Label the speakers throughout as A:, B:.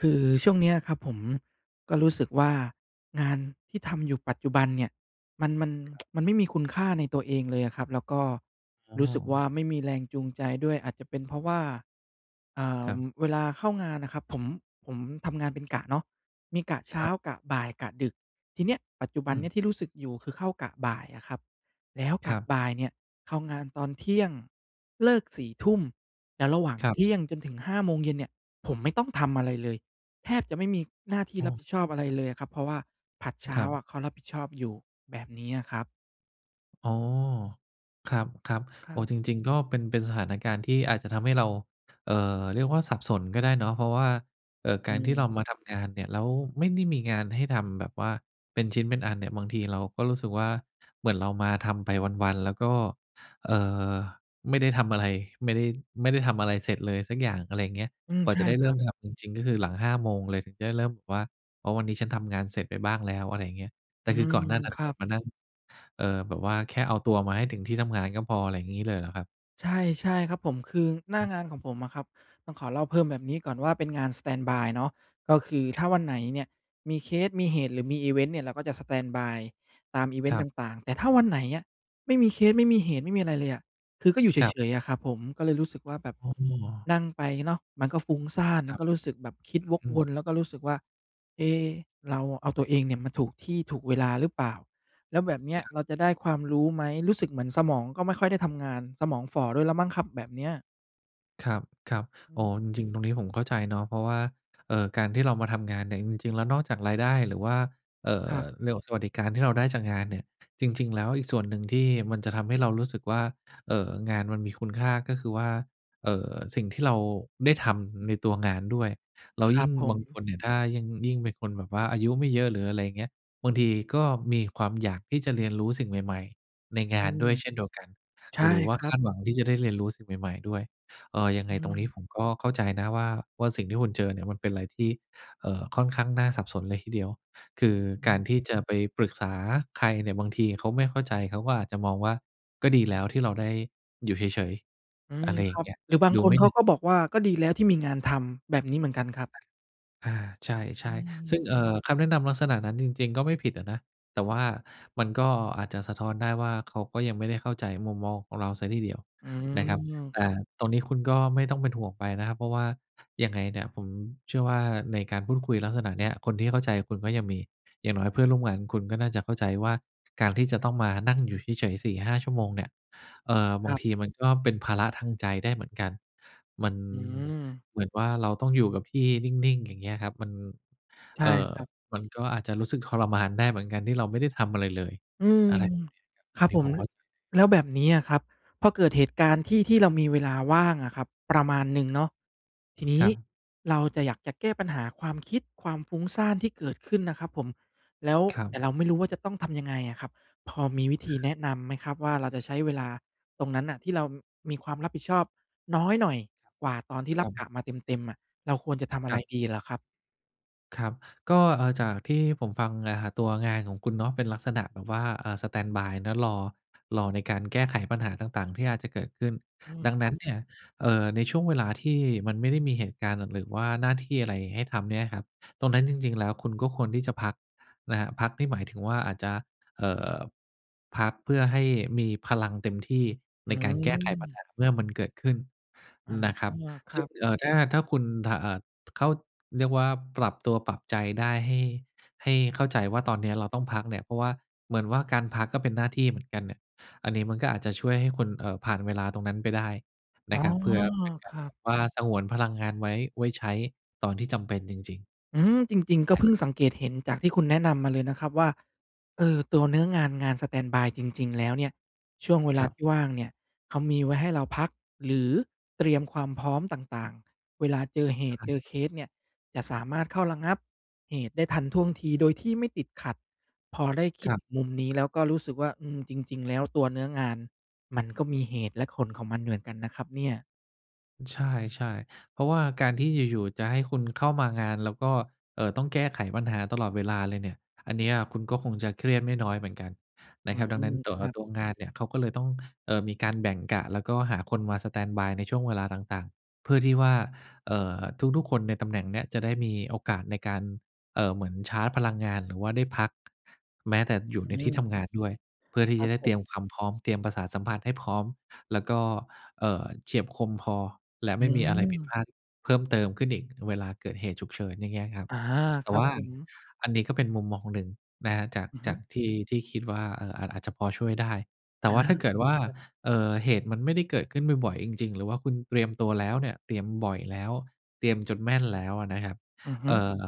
A: คือช่วงเนี้ยครับ ผมก็รู้สึกว่างานที่ทำอยู่ปัจจุบันเนี่ยมัน มัน
B: ครับ
A: มันไม่มีคุณค่าในตัวเองเลยอะครับ แล้วก็
B: อ๋
A: ร
B: อ
A: ู้สึกว่าไม่มีแรงจูงใจด้วย อาจจะเป็นเพราะว่า เอ่
B: ค
A: อ
B: รับ
A: เวลาเข้างานน่ะครับผม ผมทำงานเป็นกะเนาะ มีกะเช้
B: ค
A: า
B: รับ
A: กะบ่าย กะดึก ทีเนี้ยปัจจุบ
B: อ
A: ันเ
B: ื
A: นี้ย
B: ม
A: ที่รู้สึกอยู่ คือเข้ากะบ่ายอะครับ แล้วก
B: คร
A: ะ
B: ับ
A: บ่ายเนี่ยเข้างานตอน 12:00 น. เลิก 22 :00 น. ทุ่ม แล้วระหว่าง
B: ครั
A: เ
B: บ
A: ที่ยง จนถึง 17:00 น. เนี่ย ผมไม่ต้องทำอะไรเลย แทบจะไม่มีหน้าที่
B: อ้
A: รับผ
B: อ
A: ิดชอบอะไรเลยอะครับ เพราะว่าผลัดเช
B: ค
A: ้า
B: รับ
A: อะเขารับผิดชอบอยู่ แบบเนี้ยครับ
B: อ๋อ ครับ
A: ค
B: ๆ โ
A: ร
B: อ
A: ั
B: ้โ
A: บ
B: ฮ! จริง ๆ ก็เป็น เป็นสถานการณ์ที่อาจจะทำให้เรา เอ่อ เรียกว่าสับสนก็ได้เนาะ เพราะว่า เอ่อ
A: อ
B: ก
A: ื
B: ารที่เ
A: ม
B: รามาทำงานเนี่ย แล้วไม่ได้มีงานให้ทำแบบว่าเป็นชิ้นเป็นอันเนี่ย บางทีเราก็รู้สึกว่า เหมือนเรามาทำไปวัน ๆ แล้วก็ เอ่อ ไม่ได้ทำอะไร ไม่ได้ ไม่ได้ทำอะไรเสร็จเลยสักอย่าง อะไรเงี้ย
A: อืม
B: กว่า
A: ใช
B: จะ
A: ่
B: ได้
A: ค
B: เร
A: ร
B: ิ่
A: ั
B: ม
A: บ
B: ทำจริง ๆ ก็คือหลัง 5 โมงเลย ถึงจะได้เริ่มแบบว่า "อ๋อ วันนี้ฉันทำงานเสร็จไปบ้างแล้ว" อะไรอย่างเงี้ย แต
A: อื
B: ่คือ
A: ม
B: ก่อนหน้านั้น
A: คร
B: แ
A: ั
B: บบ
A: บ
B: มานั่ง เอ่อ แบบว่าแค่เอาตัวมาให้ถึงที่ทำงานก็พอ อะไรงี้เลยเหรอครับ?
A: ใช่ ใช่ครับผม คือหน้างานของผมอะครับ ต้องขอเล่าเพิ่มแบบนี้ก่อนว่าเป็นงานสแตนด์บายเนาะ ก็คือถ้
B: คร
A: า
B: ับ
A: วันไหนเนี่ย มีเคส มีเหตุหรือมีอิเวนต์เนี่ย เราก็จะสแตนด์บายตามอิเวน
B: ค
A: ต
B: ร
A: ์
B: ั
A: ต
B: บ
A: ่าง ๆ แต่ถ้าวันไหนอะ ไม่มีเคส ไม่มีเหตุ ไม่มีอะไรเลยอะ คือก็อยู่เ
B: ครับ
A: ฉย ๆ อะครับผม ก็เลยรู้สึกว่าแบบ
B: อ๋อ
A: นั่งไปเนาะมันก็ฟุ้งซ่าน ม
B: ค
A: ั
B: ร
A: น
B: ับ
A: ก็รู้สึกแบบคิดวก
B: อื
A: ว
B: ม ๆ
A: น แล้วก็รู้สึกว่า "เอ๊ เราเอาตัวเองเนี่ย มาถูกที่ถูกเวลาหรือเปล่า? แล้วแบบเนี้ย
B: ครับ
A: เราจะได้ความรู้ไหม?" รู้สึกเหมือนสมองก็ไม่ค่อยได้ทำงาน สมองฝ่อด้วยแล้วมั้งครับ แบบเนี้ย
B: ครับ ครับ
A: อื
B: อ๋อ
A: ม
B: จริง ๆ ตรงนี้ผมเข้าใจเนาะ เพราะว่า เอ่อ การที่เรามาทำงานเนี่ย จริง ๆ แล้วนอกจากรายได้ หรือว่า เอ่
A: ค
B: อ
A: รับ
B: เรื่องของสวัสดิการที่เราได้จากงานเนี่ย จริง ๆ แล้วอีกส่วนหนึ่งที่มันจะทำให้เรารู้สึกว่า เอ่อ งานมันมีคุณค่า ก็คือว่า เอ่อ สิ่งที่เราได้ทำในตัวงานด้วย แล้ว
A: คร
B: ย
A: ั
B: ิ่
A: บ
B: ง
A: ผ
B: บางค
A: ม
B: นเนี่ย ถ้ายิ่ง ยิ่งเป็นคนแบบว่าอายุไม่เยอะ หรืออะไรเงี้ย บางทีก็มีความอยากที่จะเรียนรู้สิ่งใหม่ ๆ ในง
A: อื
B: านด
A: ม
B: ้วยเช่นเดียวกัน
A: ใช่
B: หรือว่า
A: ครั
B: ค
A: บ
B: าดหวังที่จะได้เรียนรู้สิ่งใหม่ ๆ ด้วย เอ่อ ยัง
A: อ
B: ไง
A: ื
B: ตรงน
A: ม
B: ี้ผมก็เข้าใจนะว่า ว่า สิ่งที่คุณเจอเนี่ยมันเป็นอะไรที่ เอ่อ ค่อนข้างน่าสับสนเลยทีเดียว คือ
A: อือ
B: ก
A: ฮ
B: าร
A: ึ
B: ที่จะไปปรึกษาใครเนี่ย บางทีเขาไม่เข้าใจ เขาก็อาจจะมองว่า "ก็ดีแล้วที่เราได้อยู่เฉย ๆ"
A: อื
B: อ
A: ม
B: ะไรอ
A: ค
B: ย่
A: ร
B: า
A: ั
B: ง
A: บ
B: เงี้ย
A: หรือบาง
B: ดู
A: ค
B: ไ
A: น
B: ม่
A: เข
B: เหน
A: า
B: ื่อย
A: ก็บอกว่า "ก็ดีแล้วที่มีงานทำ" แบบนี้เหมือนกันครับ
B: อา ใช
A: อื
B: ่ ๆ ซึ
A: ม
B: ่ง เอ่อ คำแนะนำลักษณะนั้นจริง ๆ ก็ไม่ผิดอะนะ แต่ว่ามันก็อาจจะสะท้อนได้ว่า "เขาก็ยังไม่ได้เข้าใจมุมมองของเราเสียทีเดียว"
A: อื
B: นะครับ แต่
A: ม
B: ตรงนี้คุณก็ไม่ต้องเป็นห่วงไปนะครับ เพราะว่า ยังไงเนี่ย ผมเชื่อว่าในการพูดคุยลักษณะเนี้ย คนที่เข้าใจคุณก็ยังมี อย่างน้อยเพื่อนร่วมงานคุณก็น่าจะเข้าใจว่า การที่จะต้องมานั่งอยู่เฉย ๆ 4-5 ชั่วโมงเนี่ย เอ่อ บ
A: ค
B: า
A: ร
B: ง
A: ับ
B: ทีมันก็เป็นภาระทางใจได้เหมือนกัน มัน
A: อืม
B: เหมือนว่าเราต้องอยู่กับที่นิ่ง ๆ อย่างเงี้ยครับ มัน
A: ใช่
B: เอ่อ
A: ครับ
B: มันก็อาจจะรู้สึกทรมานได้เหมือนกันที่เราไม่ได้ทำอะไรเลย
A: อืม
B: อะไรแบบเนี้ยครับ
A: ค
B: อ
A: ร
B: ั
A: ั
B: น
A: บ
B: นี้
A: ผ
B: ผ
A: ม
B: ม
A: ล
B: เข้าใจเลย
A: แล้วแบบเนี้ยครับ พอเกิดเหตุการณ์ที่ ที่เรามีเวลาว่างอะครับ ประมาณหนึ่งเนาะ ทีนี้
B: ครับ
A: เราจะ อยากจะแก้ปัญหาความคิด ความฟุ้งซ่านที่เกิดขึ้นนะครับผม แล้ว
B: ครั
A: แต
B: บ
A: ่เราไม่รู้ว่าจะต้องทำยังไงอะครับ พอมีวิธีแนะนำไหมครับว่า เราจะใช้เวลาตรงนั้นน่ะที่เรามีความรับผิดชอบน้อยหน่อยกว่าตอนที่
B: ครับ ค
A: ร
B: ร
A: ั
B: ั
A: บก
B: บ
A: ะมาเต็ม ๆ น่ะ เราควรจะทำอะ
B: ค
A: ไร
B: รับ
A: ดีเหรอครับ?
B: ครับ ก็ เอ่อ จากที่ผมฟังนะครับ ตัวงานของคุณเนาะ เป็นลักษณะแบบว่า อ่า สแตนด์บายนะ รอ รอในการแก้ไขปัญหาต่าง ๆ ที่อาจจะเกิดขึ้น
A: อืม
B: ดัง
A: ค
B: น
A: ร
B: ั้
A: ับ
B: นเนี่ย เอ่อ ในช่วงเวลาที่มันไม่ได้มีเหตุการณ์น่ะ หรือว่าหน้าที่อะไรให้ทำเนี่ยครับ ตรงนั้นจริง ๆ แล้ว คุณก็ควรที่จะพักนะครับ พักนี่หมายถึงว่าอาจจะ เอ่อ พักเพื่อให้มีพลังเต็มที่
A: อ
B: ใ
A: ื
B: นการแก้ไขปัญ
A: ม
B: หาเมื่อมันเกิดขึ้น
A: อา
B: นะครับ
A: ค
B: ซ
A: ร
B: ึ
A: ั
B: ่ง
A: บ
B: เอ่อ ถ้า ถ้าคุณ ถ อ่า ถ เขาเรียกว่าปรับตัวปรับใจได้ ให้ ให้เข้าใจว่าตอนเนี้ยเราต้องพักเนี่ย เพราะว่าเหมือนว่าการพักก็เป็นหน้าที่เหมือนกันเนี่ย อันนี้มันก็อาจจะช่วยให้คุณ เอ่อ ผ่านเวลาตรงนั้นไปได้
A: อ
B: น
A: ๋อ
B: ะครับ เผื่อเป็นก
A: ค
B: าร
A: รั
B: แบ
A: บ
B: บว่าสงวนพลังงานไว้ ไว้ใช้ตอนที่จำเป็นจริง ๆ
A: อืม จริง ๆ ก็
B: ได้
A: เพิ่
B: ค
A: ง
B: รับ
A: สังเกตเห็นจากที่คุณแนะนำมาเลยนะครับว่า เออ ตัวเนื้องาน งานสแตนด์บายจริง ๆ แล้วเนี่ย ช่วงเวล
B: ค
A: า
B: รับ
A: ที่ว่างเนี่ยเขามีไว้ให้เราพัก หรือเตรียมความพร้อมต่าง ๆ เวลาเจอเห
B: อะ
A: ตุ
B: ฮ
A: เจ
B: ะ
A: อเคสเนี่ยจะสามารถเข้าระงับเหตุได้ทันท่วงทีโดยที่ไม่ติดขัด พอได้คิ
B: ค
A: ด
B: รับ
A: มุมนี้ แล้วก็รู้สึกว่า อืม จริง ๆ แล้วตัวเนื้องานมันก็มีเหตุและผลของมันเหมือนกันนะครับเนี่ย
B: ใช่ ๆ เพราะว่าการที่อยู่ ๆ จะให้คุณเข้ามางานแล้วก็ เอ่อ ต้องแก้ไขปัญหาตลอดเวลาเลยเนี่ย อันเนี้ยคุณก็คงจะเครียดไม่น้อยเหมือนกัน
A: อ
B: น
A: ื
B: ะครับ ดังนั้
A: ม
B: น ตั
A: ค
B: ว
A: รับ
B: ตัวงานเนี่ย เขาก็เลยต้อง เอ่อ มีการแบ่งกะ แล้วก็หาคนมาสแตนด์บายในช่วงเวลาต่าง ๆ เพื่อที่ว่า เอ่อ ทุก ๆ คนในตำแหน่งเนี้ยจะได้มีโอกาสในการ เอ่อ เหมือนชาร์จพลังงานหรือว่าได้พัก แม้แต่อยู่
A: อ
B: ใน
A: ื
B: ที่ท
A: ม
B: ำงานด้วย เพื่อที่
A: คร
B: จ
A: ั
B: ะ
A: บ
B: ได้
A: ผ
B: เตร
A: ม
B: ียมความพร้อม เตรียมประสาทสัมผัสให้พร้อม แล้วก็ เอ่อ เฉียบคมพอ และ
A: อื
B: ไม่มีอะไรผิดพ
A: ม
B: ลาดเพิ่มเติมขึ้นอีกเวลาเกิดเหตุฉุกเฉิน อย่างเงี้ยครับ
A: อา
B: แต
A: ค
B: ่
A: รั
B: ว
A: บ
B: ่า
A: ผม
B: อันนี้ก็เป็นมุมมองหนึ่งนะครับ จาก
A: อือฮ
B: จ
A: ึ
B: ากที่ ที่คิดว่า เอ่อ อาจ อาจจะพอช่วยได้ แ
A: อ
B: ต่
A: า
B: ว่าถ้าเกิดว่า
A: ครับ
B: เอ่อ เหตุมันไม่ได้เกิดขึ้นบ่อย ๆ จริง ๆ หรือว่าคุณเตรียมตัวแล้วเนี่ย เตรียมบ่อยแล้ว เตรียมจนแม่นแล้วอะนะครับ
A: อือฮ
B: เ
A: ึ
B: อ่อ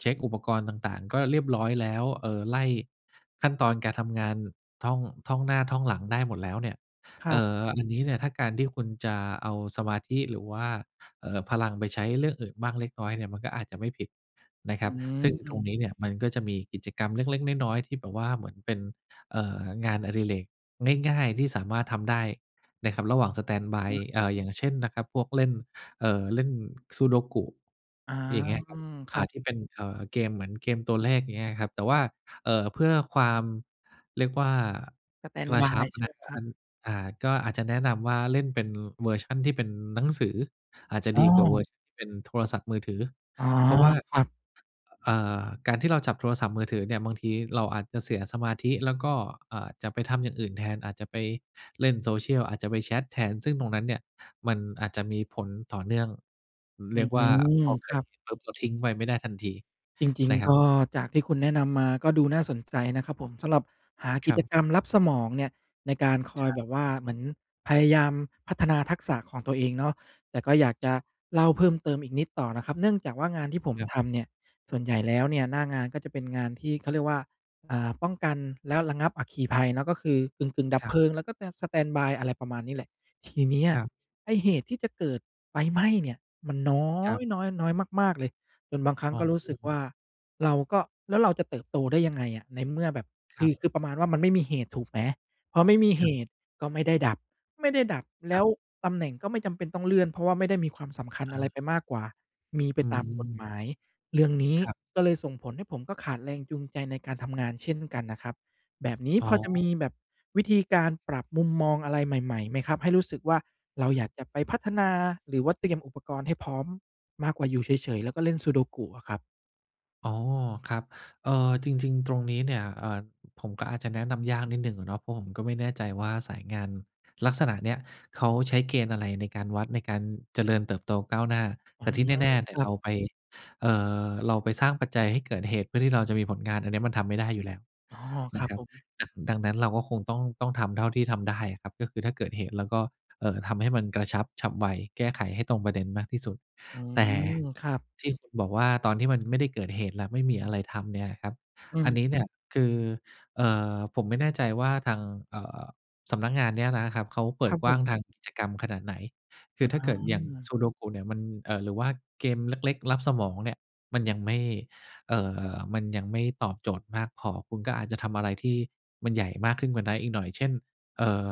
B: เช็กอุปกรณ์ต่าง ๆ ก็เรียบร้อยแล้ว เอ่อ ไล่ขั้นตอนการทำงาน ท่อง ท่องหน้า ท่องหลังได้หมดแล้วเนี่ย
A: คร
B: เอ
A: ับ
B: ่อ อันนี้เนี่ย ถ้าการที่คุณจะเอาสมาธิหรือว่า เอ่อ พลังไปใช้เรื่องอื่นบ้างเล็กน้อยเนี่ย มันก็อาจจะไม่ผิดนะค
A: อื
B: รับ ซึ่งตร
A: ม
B: งนี้เนี่ย มันก็จะมีกิจกรรมเล็ก ๆ น้อย ๆ ที่แบบว่าเหมือนเป็น เอ่อ งานอดิเรกง่าย ๆ ที่สามารถทำได้นะครับ ระหว่างสแตนด์บาย เอ่อ อย่างเช่นนะครับ พวกเล่น เอ่อ เล่น Sudoku
A: อา
B: อย่างเงี้ย
A: อ
B: คร
A: ื
B: ับ
A: ม ค
B: อ
A: ร
B: ่
A: ั
B: า
A: บ
B: ที่เป็นเกมเหมือนเกมตัวเลข อย่างเงี้ยครับ แต่ว่า เอ่อ เพื่อความ เรียกว่า
A: สแตน
B: ก
A: ด์
B: ร
A: บ
B: ะ
A: า
B: ชั
A: ย
B: บ
A: ใช่ไหมครับ?
B: อ่า ก็อาจจะแนะนำว่าเล่นเป็นเวอร์ชันที่เป็นหนังสือ อาจจะ
A: อ๋
B: ดีกว่าเว
A: อ
B: อร์ชันที่เป็นโทรศัพท์มือถือ
A: อ๋อ
B: เพราะว่า
A: ครับ
B: เอ่อ การที่เราจับโทรศัพท์มือถือเนี่ย บางทีเราอาจจะเสียสมาธิ แล้วก็อาจจะไปทำอย่างอื่นแทน อาจจะไปเล่น Social อาจจะไปแชตแทน ซึ่งตรงนั้นเนี่ย มันอาจจะมีผลต่อเนื่อง
A: อ
B: เ
A: ื
B: รียกว่า
A: ม
B: พอเ
A: ค
B: กิ
A: ร
B: ด
A: ับ
B: เหตูปุ๊บทิ้งไปไม่ได้ทันที
A: จริง
B: นะค
A: ๆ
B: รั
A: ก
B: บ
A: ็จากที่คุณแนะนำมาก็ดูน่าสนใจนะครับผม สำหรับหาก
B: ค
A: ิ
B: รั
A: จ
B: บ
A: กรรมลับสมองเนี่ย ในการคอ
B: ค
A: ย
B: รั
A: แ
B: บ
A: บบว่าเหมือนพยายามพัฒนาทักษะของตัวเองเนาะ แต่ก็อยากจ
B: ใช
A: ะ
B: ่
A: เล่าเพิ่มเติมอีกนิดต่อนะครับ เนื่องจากว่างานที่ผม
B: ครับ
A: ทำเนี่ย ส่วนใหญ่แล้วเนี่ย หน้างานก็จะเป็นงานที่เขาเรียกว่า อ่า ป้องกันและระงับอัคคีภัยเนาะ ก็คือกึ่ง ๆ ดับ
B: คร
A: เ
B: ั
A: พ
B: บ
A: ลิง แล้วก็สแตนด์บาย อะไรประมาณนี้แหละ ทีเนี้ย
B: ครับ
A: ไอ้เหตุที่จะเกิดไฟไหม้เนี่ย มันน้อ
B: ครับ
A: ย น้อย น้อยมาก ๆ เลย จนบางครั้
B: อ๋
A: งก็รู้สึก
B: อ
A: ว่า เราก็ แล้วเราจะเติบโตได้ยังไงอะ ในเมื่อแบบ
B: ค
A: ค
B: ร
A: ื
B: ับ
A: อ คือประมาณว่า มันไม่มีเหตุ ถูกไหม พอไม่มี
B: ค
A: เห
B: รับ
A: ตุก็ไม่ได้ดับ ไม่ได้ดับแล
B: คร
A: ้
B: ับ
A: วตำแหน่งก็ไม่จำเป็นต้องเลื่อน เพราะว่าไม่ได้มีความสำคัญ
B: อ่
A: อะไร
B: า
A: ไปมากกว่ามีไป
B: อื
A: ตามกฎ
B: ม
A: หมาย เรื่องนี้
B: ครับ
A: ก็เลยส่งผลให้ผมก็ขาดแรงจูงใจในการทำงานเช่นกันนะครับ แบบนี้
B: อ๋
A: พอจะม
B: อ
A: ีแบบวิธีการปรับมุมมองอะไรใหม่ ๆ ไหมครับ? ให้รู้สึกว่าเรา
B: ครั
A: อยา
B: บ
A: กจะไปพัฒนาหรือว่าเตรียมอุปกรณ์ให้พร้อมมากกว่าอยู่เฉย ๆ แล้วก็เล่น Sudoku อะครับ
B: อ๋อ ครับ เอ่อ จริง ๆ ตรงนี้เนี่ย เอ่อ ผมก็อาจจะแนะนำยากนิดหนึ่งอะเนาะ เพราะผมก็ไม่แน่ใจว่าสายงานลักษณะเนี้ยเขาใช้เกณฑ์อะไรในการวัด ในการเจริญเติบโตก้าวหน้า
A: อ๋
B: แ
A: อ
B: ต่ที่แน่เนี
A: ค
B: ่ย
A: ร
B: ๆ
A: ั
B: เร
A: บ
B: าไป เอ่อ เราไปสร้างปัจจัยให้เกิดเหตุเพื่อที่เราจะมีผลงานอันเนี้ยมันทำไม่ได้อยู่แล้ว
A: อ๋อ ค
B: น
A: รั
B: ะ
A: บ
B: ครั
A: ผ
B: บ
A: ม
B: อ่า ดังนั้นเราก็คงต้อง ต้องทำเท่าที่ทำได้อะครับ ก็คือถ้าเกิดเหตุเราก็ เอ่อ ทำให้มันกระชับฉับไว แก้ไขให้ตรงประเด็นมากที่สุด
A: อื
B: แต่
A: ม ครับ
B: ที่คุณบอกว่า ตอนที่มันไม่ได้เกิดเหตุแล้วไม่มีอะไรทำเนี่ยครับ
A: อื
B: อัน
A: ม
B: นี้เนี่ยคือ เอ่อ ผมไม่แน่ใจว่าทาง เอ่อ สำนักงานเนี้ยนะครับเขาเป
A: ค
B: ิ
A: รั
B: ด
A: บ
B: ก
A: ผ
B: ว้าง
A: ม
B: ทางกิจกรรมขนาดไหน คื
A: อ
B: อถ้าเกิดอย่าง
A: า
B: Sudoku เนี่ยมัน เอ่อ หรือว่าเกมเล็ก ๆ ลับสมองเนี่ยมันยังไม่ เอ่อ มันยังไม่ตอบโจทย์มากพอ คุณก็อาจจะทำอะไรที่มันใหญ่มากขึ้นกว่านั้นอีกหน่อย เช่น เอ่อ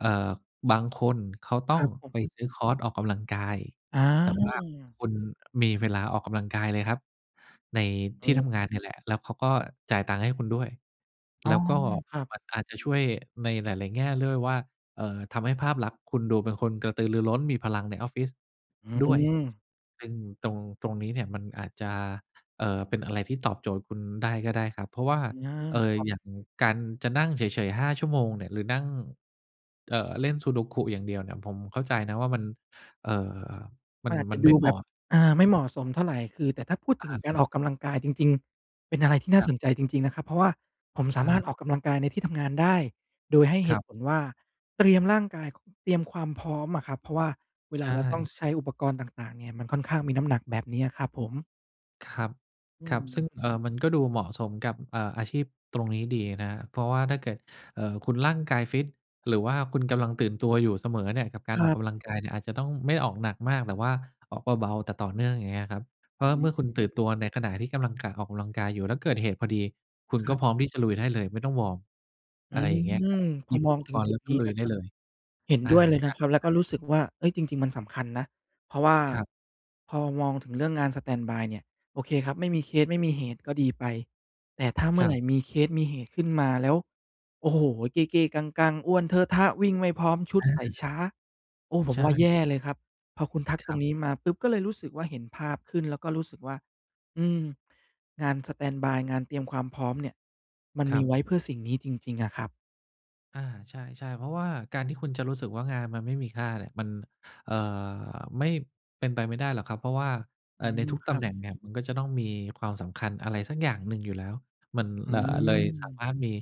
B: เอ่อ บางคนเขาต
A: ค
B: ้
A: ร
B: อ
A: ั
B: ง
A: บผ
B: ไป
A: ม
B: ซื้อคอร์สออกกำลังกาย
A: อ
B: แต่ว่า
A: า
B: คุณมีเวลาออกกำลังกายเลยครับ ใน
A: อ
B: ท
A: ื
B: ี่
A: อ
B: ทำงานเนี่ยแหละ แล้วเขาก็จ่ายตังค์ให้คุณด้วย
A: อ๋
B: แ
A: อ
B: ล้วก็
A: ครับ
B: มันก็อาจจะช่วยในหลาย ๆ แง่ด้วยว่า เอ่อ ทำให้ภาพลักษณ์คุณดูเป็นคนกระตือรือร้นมีพลังในออฟฟิศ
A: อื
B: ด้วย
A: ม
B: ซึ่งตรง ตรงนี้เนี่ยมันอาจจะ เอ่อ เป็นอะไรที่ตอบโจทย์คุณได้ก็ได้ครับ เพราะว่า
A: อา
B: เอ่
A: ค
B: อ
A: รับ
B: อย่างการจะนั่งเฉย ๆ 5 ชั่วโมงเนี่ยหรือนั่ง เอ่อ เล่น Sudoku อย่างเดียวเนี่ยผมเข้าใจนะว่า มัน เอ่อ ม
A: ม
B: ั
A: ั
B: น
A: นอาจจ
B: มั
A: ะ
B: นไ
A: ด
B: ม
A: ู
B: ่เห
A: แ
B: ม
A: บ
B: า
A: บ
B: ะ
A: อา ไม่เหมาะสมเท่าไร คือแต่ถ้าพูด
B: อ
A: ถึ
B: ะ
A: งกา
B: ฮ
A: ร
B: ะ
A: ออกกำลังกายจริง ๆ เป็นอะไรที่น่
B: ค
A: า
B: รับ
A: สนใจจริง ๆ นะครับ เพราะว่าผมสามารถ
B: เออ
A: ออกกำลังกายในที่ทำงานได้ โดยให้เห
B: คร
A: ต
B: ั
A: ุ
B: บ
A: ผลว่าเตรียมร่างกาย เตรียมความพร้อมอะครับ เพราะว่าเว
B: ใ
A: ล
B: ช
A: าเราต้อง
B: ่
A: ใช้อุปกรณ์ต่าง ๆ เนี่ยมันค่อนข้างมีน้ำหนัก แบบนี้อะครับผม
B: ครับ
A: อื
B: ครับ ซึ่ง
A: ม
B: เอ่อ มันก็ดูเหมาะสมกับ เอ่อ อาชีพตรงนี้ดีนะครับ เพราะว่าถ้าเกิด เอ่อ คุณร่างกายฟิตหรือว่าคุณกำลังตื่นตัวอยู่เสมอเนี่ย กับกา
A: ค
B: ร
A: ร
B: ออก
A: ับ
B: กำลังกายเนี่ย อาจจะต้องไม่ได้ออกหนักมาก แต่ว่าออกเบา ๆ แต่ต่อเนื่อง อย่างเงี้ยครับ เพรา
A: อื
B: ะเมื่อคุณตื่
A: ม
B: นตัวในขณะที่กำลัง ก ออกกำลังกายอยู่ แล้วเกิดเหตุพอดี คุณ
A: คร
B: ก็
A: ับ
B: พร้อมที่จะลุยได้เลยไม่ต้องวอร์ม
A: อ
B: อ
A: ื
B: ะไรอย่างเงี้ยครับ
A: ม พ
B: หย
A: อ
B: ิบ
A: ม
B: อ
A: อ
B: ุ
A: ง
B: ป
A: ถึ
B: ก
A: ง
B: รณ
A: จ
B: ์
A: ุ
B: แล
A: ด
B: ้วก
A: น
B: ็
A: ี้
B: ลุ
A: น
B: ย
A: ะ
B: ไ
A: ค
B: ด้
A: รับ
B: เลย
A: เห็น
B: อ่า
A: ด้วย เลย
B: ใ
A: น
B: ช
A: ะครับ แล้วก็
B: ่
A: รู
B: ๆ
A: ้สึกว่า เฮ้ย จริง ๆ มันสำคัญนะ เพราะว่า
B: ครับ
A: พอมองถึงเรื่องงานสแตนด์บายเนี่ย โอเคครับ ไม่มีเคส ไม่มีเหตุก็ดีไป แต่ ถ้าเมื่
B: ค
A: อ
B: ร
A: ไหร
B: ับ
A: ่มีเคสมีเหตุขึ้นมาแล้ว โอ้โฮ เก้ ๆ กัง ๆ อ้วนเทอะทะ วิ่งไม่พร้อม ชุด
B: อ
A: ใส่
B: า
A: ช้า โอ้ ผ
B: ใช
A: มว่าแย
B: ่
A: ่เลยครับ พอคุณทัก
B: ค
A: ต
B: ร
A: ร
B: ั
A: ง
B: บ
A: นี้มาปุ๊บ ก็เลยรู้สึกว่าเห็นภาพขึ้น แล้วก็รู้สึกว่า อืม งานสแตนด์บาย งานเตรียมความพร้อมเนี่ยมัน
B: ค
A: ม
B: รั
A: ีไว
B: บ
A: ้เพื่อสิ่งนี้จริง ๆ อะครับ
B: อา ใช่ ๆ เพราะว่าการที่คุณจะรู้สึกว่างานมันไม่มีค่าเนี่ย มัน เอ่อ ไม่ เป็นไปไม่ได้หรอกครับ เพราะว่า
A: อ
B: เอ
A: ื
B: ่อ ใน
A: ม
B: ทุก
A: ค
B: ต
A: รั
B: ำ
A: บ
B: แหน่งเนี่ย มันก็จะต้องมีความสำคัญอะไรสักอย่างหนึ่งอยู่แล้ว มัน
A: อื
B: ล เลยสา
A: ม
B: มารถมี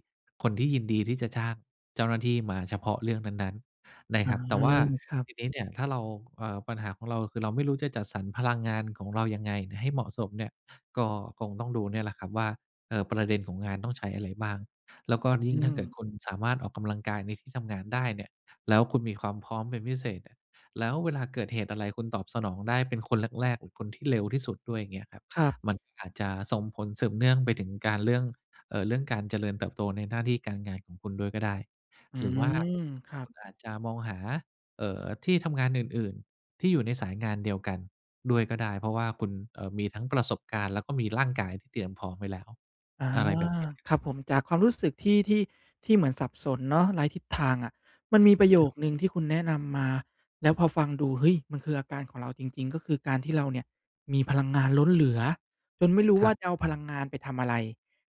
B: คนที่ยินดีที่จะจ้างเจ้าหน้าที่มาเฉพาะเรื่องนั้น ๆ น
A: อ
B: ะ
A: ๋อ
B: ครับ แต่ว่า
A: ครับ
B: ทีนี้เนี่ย ถ้าเรา เออ ปัญหาของเราคือเราไม่รู้จะจัดสรรพลังงานของเรายังไงให้เหมาะสมเนี่ย ก็คงต้องดูเนี่ยแหละครับว่า เอ่อ ประเด็นของงานต้องใช้อะไรบ้าง แล้วก็ย
A: อ
B: ิ
A: ื
B: ่งถ้าเกิด
A: ม
B: คุณสามารถออกกำลังกายในที่ทำงานได้เนี่ย แล้วคุณมีความพร้อมเป็นพิเศษเนี่ย แล้วเวลาเกิดเหตุอะไร คุณตอบสนองได้เป็นคนแรก ๆ อ คนที่เร็วที่สุดด้วย อย่างเงี้ยครับ
A: ครับ
B: มันก็อาจจะส่งผลสืบเนื่องไปถึงการ เรื่อง เอ่อ เรื่องการเจริญเติบโตในหน้าที่การงานของคุณด้วยก็ได้
A: อื
B: หรือว่า
A: ม ครั
B: ค
A: บ
B: ุณอาจจะมองหา เอ่อ ที่ทำงานอื่น ๆ ที่อยู่ในสายงานเดียวกันด้วยก็ได้ เพราะว่าคุณ เอ่อ มีทั้งประสบการณ์ แล้วก็มีร่างกายที่เตรียมพร้อมไว้แล้ว
A: อา
B: อะไรแบบเนี้ยครับ
A: ครับผม จากความรู้สึกที่ ที่ ที่เหมือนสับสนเนาะ ไร้ทิศทางอะ มันมีประโย
B: ครับ
A: คหนึ่งที่คุณแนะนำมา แล้วพอฟังดู เฮ้ย! มันคืออาการของเราจริง ๆ ก็คือการที่เราเนี่ยมีพลังงานล้นเหลือ จนไม่รู้
B: ค
A: ว
B: ร
A: ่
B: ั
A: า
B: บ
A: จะเอาพลังงานไปทำอะไร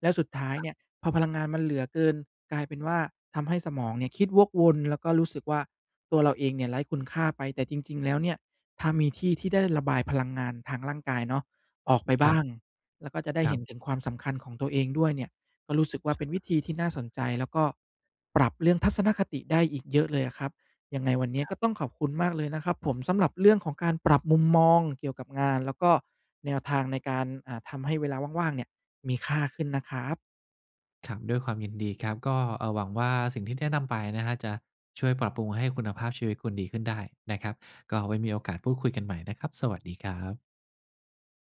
A: แล้วสุดท้าย
B: ครั
A: เ
B: บ
A: นี่ย พอพลังงานมันเหลือเกิน กลายเป็นว่าทำให้สมองเนี่ยคิดวกวน แล้วก็รู้สึกว่าตัวเราเองเนี่ยไร้คุณค่าไป แต่จริง ๆ แล้วเนี่ย ถ้ามีที่ที่ได้ระบายพลังงานทางร่างกายเนาะออกไปบ
B: ครั
A: ้
B: บ
A: าง แล้วก็จะได้
B: คร
A: เ
B: ั
A: ห็
B: บ
A: นถึงความสำคัญของตัวเองด้วยเนี่ย ก็รู้สึกว่าเป็นวิธีที่น่าสนใจ แล้วก็ปรับเรื่องทัศนคติได้อีกเยอะเลยอะครับ ยังไงวันนี้
B: คร
A: ก
B: ั
A: ็
B: บ
A: ต้องขอบคุณมากเลยนะครับผม สำหรับเรื่องของการปรับมุมมองเกี่ยวกับงาน แล้วก็แนวทางในการ อ่า ทำให้เวลาว่าง ๆ เนี่ยมีค่าขึ้นนะครับ
B: ครับ ด้วยความยินดีครับ ก็ เอ่อ หวังว่าสิ่งที่แนะนำไปนะครับจะช่วยปรับปรุงให้คุณภาพชีวิตคุณดีขึ้นได้นะครับ ก็ไว้มีโอกาสพูดคุยกันใหม่นะครับ สวัสดีครับ